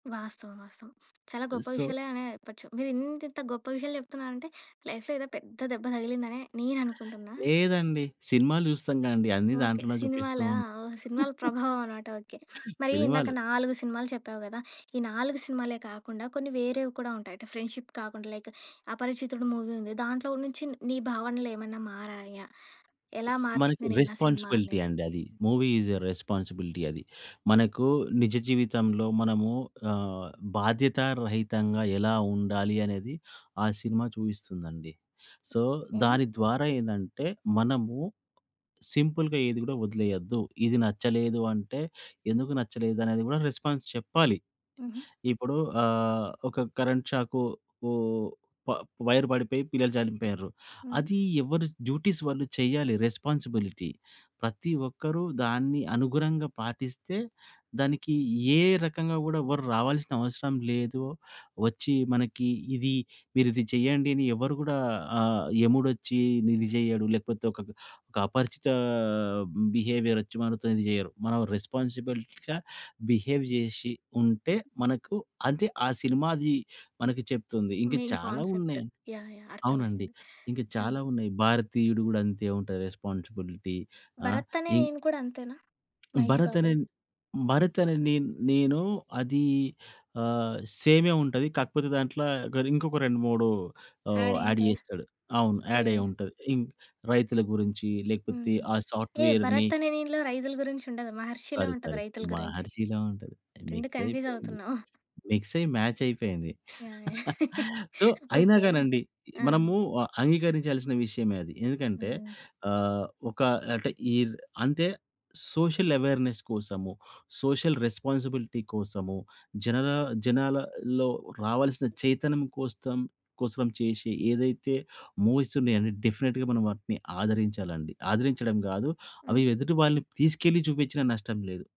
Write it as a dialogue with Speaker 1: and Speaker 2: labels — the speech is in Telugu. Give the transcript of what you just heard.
Speaker 1: వాస్తవం. వాస్తవం. చాలా గొప్ప
Speaker 2: సో,
Speaker 1: విషయాలే అనే చెప్పొచ్చు. మీరు ఇంత, ఇంత గొప్ప విషయాలు చెప్తున్నారంటే లైఫ్‌లో ఏదో పెద్ద దెబ్బ తగిలిందని నేననుకుంటున్నా.
Speaker 2: లేదండి. సినిమాలు చూస్తాం గాండీ అన్ని
Speaker 1: ఓకే.
Speaker 2: దాంట్లో
Speaker 1: సినిమాలా!
Speaker 2: చూపిస్తూంటాం.
Speaker 1: ఓహ్! సినిమాల ప్రభావం అనమాట ఓకే. మరి ఇందాక
Speaker 2: సినిమాలు.
Speaker 1: 4 సినిమాలు చెప్పావు గదా! ఈ 4 సినిమాలే కాకుండా కొన్ని వేరేవి కూడా ఉంటాయట. ఫ్రెండ్‌షిప్ కాకుండా లైక్ 'అపరిచితుడు' మూవీ ఉంది. దాంట్లో నుంచి నీ భావనలు ఏమన్నా మారాయా? ఎలా
Speaker 2: స్ మనకి
Speaker 1: మార్చింది నిన్నా సినిమా
Speaker 2: రెస్పాన్సిబిలిటీ
Speaker 1: అనేది?
Speaker 2: అండి. అది మూవీ ఈస్ ఎ రెస్పాన్సిబిలిటీ. అది మనకు నిజ జీవితంలో మనము ఆహ్, బాధ్యతా రహితంగా ఎలా ఉండాలి అనేది ఆ సినిమా చూయిస్తుందండి. సో,
Speaker 1: హ్మ్.
Speaker 2: దాని ద్వారా ఏందంటే మనము సింపుల్‌గా ఏది గూడా వదిలేయద్దు. ఇది నచ్చలేదు అంటే ఎందుకు నచ్చలేదు అనేది గూడా రెస్పాన్స్ చెప్పాలి.
Speaker 1: హుహు.
Speaker 2: ఇప్పుడు అహ్, ఒక కరెంట్ షాకు ఓహ్! ప వైర్ పడిపోయి పిల్లలు చనిపోయిర్రు.
Speaker 1: హుహు.
Speaker 2: అది ఎవర్రి డ్యూటీస్ వాళ్ళు చెయ్యాలి రెస్పాన్సిబిలిటీ. ప్రతి ఒక్కరు దాన్ని అనుగుణంగా పాటిస్తే దానికి ఏ రకంగా గూడా ఎవ్వరు రావాల్సినవసరం లేదు. వచ్చి మనకి ఇది, మీరిది చేయండి అని ఎవరు గూడా ఆహ్, యముడొచ్చి నిది చెయ్యడు. లేకపోతే ఒకక ఒక అపరిచితా బిహేవియరొచ్చి మనతో ఇది చేయరు. మనం రెస్పాన్సిబిలిటీగా బిహేవ్ జేసి ఉంటే మనకు అంతే ఆ సినిమాది మనకు చెప్తుంది. ఇంకా
Speaker 1: మెయిన్
Speaker 2: చాలా
Speaker 1: కాన్సెప్ట్.
Speaker 2: ఉన్నాయి.
Speaker 1: యాహ్! యాహ్!
Speaker 2: అవునండి.
Speaker 1: అర్థమయింది.
Speaker 2: ఇంకా
Speaker 1: ఆ!
Speaker 2: చాలా ఉన్నాయి. 'భారతీయుడు' గూడా అంతే ఉంటది రెస్పాన్సిబిలిటీ ఆ!
Speaker 1: 'భరత్ అనే
Speaker 2: ఇ
Speaker 1: నేను' కూడా అంతేనా? మహేష్
Speaker 2: భరత్ అనే
Speaker 1: బాబుది.
Speaker 2: 'భరత్ అనే నే నేను' అదీ ఆహ్, సేమే ఉంటది. కాకపోతే దాంట్ల గదింకొక 2, 3 ఆహ్,
Speaker 1: యాడ్
Speaker 2: యాడ్
Speaker 1: ఏంటి
Speaker 2: చేస్తాడు. అవును.
Speaker 1: ఓకె.
Speaker 2: యాడయ్యుంటది. రైతుల గురించి లేకపోతే
Speaker 1: హ్మ్.
Speaker 2: ఆ
Speaker 1: ఏహ్!
Speaker 2: సాఫ్ట్‌వేర్‌ని
Speaker 1: 'భరత్ అనే నేను'లో రైతుల గురించి ఉండదు. 'మహర్షి'లో
Speaker 2: సారీ,
Speaker 1: ఉంటది
Speaker 2: సారీ!
Speaker 1: రైతుల గురించి.
Speaker 2: 'మహర్షి‌లా' ఉంటది.
Speaker 1: 2
Speaker 2: మిక్స్
Speaker 1: కన్‌ఫ్యూజ్
Speaker 2: అయిపోయింది.
Speaker 1: అవుతున్నావు.
Speaker 2: మిక్స్ అయ్యి మాచ్ అయిపోయింది.
Speaker 1: యాహ్! యాహ్!
Speaker 2: సో, అయినా
Speaker 1: ఓకే.
Speaker 2: కానండి.
Speaker 1: ఆ!
Speaker 2: మనము ఆహ్, అంగీకరించాల్సిన విషయమే అది. ఎందుకంటే
Speaker 1: హ్మ్.
Speaker 2: అహ్, ఒక అంటే ఈ అంటే సోషల్ అవేర్నెస్ కోసము, సోషల్ రెస్పాన్సిబిలిటీ కోసము, జనన జనాలలో రావాల్సిన చైతన్యం కోస్తం కోసం చేసే ఏదైతే మూవీసున్నాయో డెఫినిట్‌గా మనం వాటిని ఆదరించాలండి. ఆదరించడం గాదు అవి
Speaker 1: హ్మ్.
Speaker 2: ఎదుటి వాళ్ళని తీసుకెళ్ళి చూపించినా నష్టం లేదు.